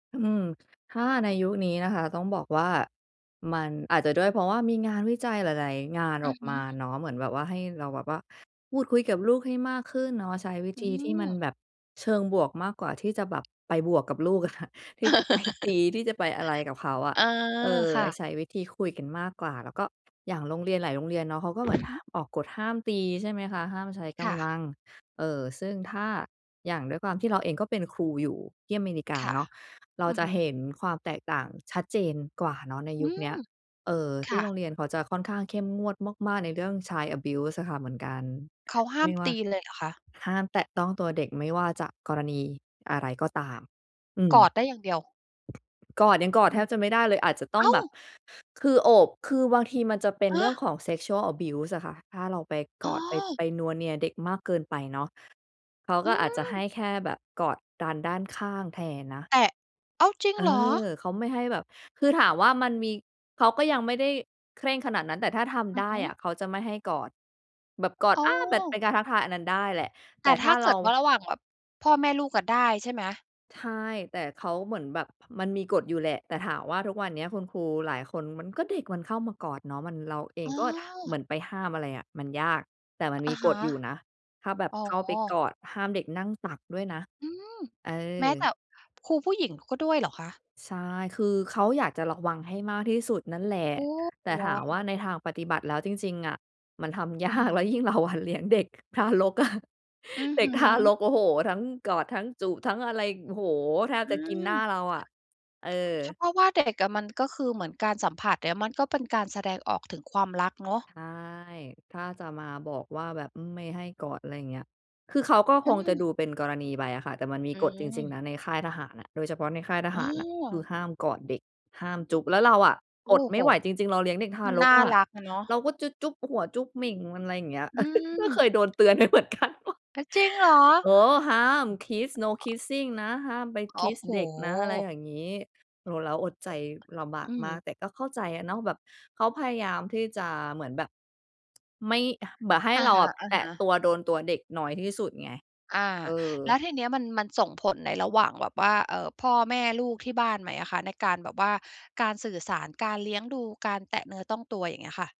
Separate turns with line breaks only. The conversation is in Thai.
อืม ถ้าในยุคนี้นะคะ ต้องบอกว่า มันอาจจะด้วย เพราะว่ามีงานวิจัยหลาย ๆ งาน
อ
อ
ื
อ
อ
ก
ฮ
มา
ึ
เนาะ เหมือนแบบว่า ให้เราแบบว่าพูดคุยกับลูกให้มากขึ้นเนาะ ใช้วิ
อื
ธีที่มัน
ม
แบบเชิงบวกมากกว่าที่จะแบบไปบวกกับลูก อะค่ะ ที่จะไปตี จะไปอะไรกับเขาอะ
เออ
เออ
ค่ะ
ใช้วิธีคุยกันมากกว่า แล้วก็อย่างโรงเรียนหลายโรงเรียนเนาะ เขาก็เ
อ
หมือ
ื
น
อ
ห
ฮึ
ออกกฎห้ามตี ใช่ไหมคะ ห้ามใช้ก
ค่
ำล
ะ
ัง เออ ซึ่งถ้าอย่างด้วยความที่เราเองก็เป็นครูอยู่ที่อเมริกา
ค่ะ
เนาะ เรา
อือ
จะ
ฮึ
เห็นความแตกต่างชัดเจนกว่าเนาะใน
อื
ยุคเน
ม
ี้ย เอ่อ
ค
ที
่
่โร
ะ
งเรียนเขาจะค่อนข้างเข้มงวดมาก ๆ ในเรื่อง Child abuse อะค่ะเหมือนกัน
เขาห้
ไ
า
ม
ม
่ว่
ต
า
ีเลยเหรอคะ?
ห้ามแตะต้องตัวเด็ก ไม่ว่าจะกรณีอะไรก็ตาม อื
ก
ม
อดได้อย่างเดียว
กอด ยังกอด
อื
แท
ม
บจะไม่ได้เลย อาจจะต้
อ
อ
้
ง
า
แ
ว!
บบ คือโอบ คือบางทีมันจะเป็น
ฮ
เรื่
ะ!
องของ sexual abuse อะค่ะ ถ้าเราไป
โ
ก
อ
อด ไป-
้!
ไปนัวเนียเด็กมากเกินไปเนาะ เขา
อ
ก
ื
็อาจจะให
ม
้แค่แบบกอดกันด้านข้างแทนนะ
แต่ อ้าว! จริ
เ
ง
ออ
เหรอ?
เขาไม่ให้แบบ คือถามว่ามันมี เขาก็ยังไม่ได้เคร่งขนาดนั้น แต่ถ้าท
อ
ำไ
ื
ด้
อฮ
อ
ึ
ะ เขาจะไม่ให้กอด แบบกอด
โอ
อา แบบเป
้
็นการทักทายอันนั้นได้แหละ แต
แต
่
่
ถ
ถ
้
้
า
า
เร
เก
า
ิดว่า ระหว่างแบบพ่อแม่ลูกอะได้ใช่ไหม?
ใช่ แต่เขาเหมือนแบบ มันมีกฎอยู่แหละ แต่ถามว่า ทุกวันเนี้ยคุณครูหลายคนมันก็เด็กมันเข้ามากอดเนาะ มัน เราเอ
อ
ง
๋อ
ก็เหมือนไปห้ามอะไรอะ มันยาก แต่มัน
อ
ม
ะ
ี
ฮ
ก
ะ
ฎอยู่นะ ถ้าแบบ
อ๋
เข้าไปก
อ
อด ห้ามเด็กนั่งตักด้วยนะ
อืม
เอ
แม้แต
อ
่ครูผู้หญิงก็ด้วยเหรอคะ?
ใช่ คือเขาอยากจะระวังให้มากที่สุดนั่นแหละ
โอ้
แต่
ว
ถา
้า
มว่า
ว
ในทางปฏิบัติแล้วจริง ๆ อะ มันทำ ย
อ
า
ื
ก
ม
แล้วยิ่งเราอะเลี้ยงเด็กทารกอะ
อือ
เด็
ฮ
กทาร
ึ
ก โอ้โฮ ทั้งกอดทั้งจูบ ทั้งอะไร โอ้โฮ แทบ
อื
จะกินหน้า
ม
เราอะ เอ
เฉ
อ
พาะว่าเด็ก ๆ อะมัน ก็คือเหมือนการสัมผัสเนี่ย มันก็เป็นการแสดงออกถึงความรักเนาะ
ใช่ ถ้าจะมาบอกว่าแบบ อืม ไม่ให้กอด อะไรอย่างเงี้ย คือเขาก็
อ
ค
ื
งจะ
ม
ดูเป็นกรณีไปอะค่ะ แต่มันมี
อื
กฎจริง
ม
ๆ นะในค่ายทหารอะ โดยเฉพาะในค่ายท
อ
ห
๋
ารน่ะ คือ
อ
ห้ามกอดเด็ก ห้ามจุ๊บ แล้วเราอะ
โอ
ก
้
ดไม
โฮ
่ไหวจริง ๆ เราเลี้ยงเด็กทา
มัน
ร
น
ก
่า
อะ
รักอะเนาะ
เราก็จูจุ๊บหัวจุ๊บเหม่งมัน อะไรอย่างเงี้ย
อื
ก็เค
ม
ยโดนเตือนไปเหมือนกัน โอ้
อะ จริงเหรอ?
เออ ห้าม Kiss No Kissing นะ ห้ามไป
โอ้
Kiss
โฮ
เด็กนะ อะไรอย่างงี้ โอ้โฮ เราอดใจลำบา
อ
ก
ื
ม
ม
าก แต่ก็เข้าใจอะเนาะ แบบเขาพยายามที่จะเหมือนแบบ ไม่ แบบให้
อะ
เรา
ฮ
อ
ะ
ะแตะต
ๆ
ัว โดนตัวเด็กน้อยที่สุดไง
อา
เออ
แล้วทีเนี้ยมัน มันส่งผลในระหว่างแบบว่า เอ่อ พ่อแม่ลูกที่บ้านไหมอะคะ? ในการแบบว่า การสื่อสาร การเลี้ยงดู การแตะเนื้อต้องตัว อย่างเงี้ยค่ะ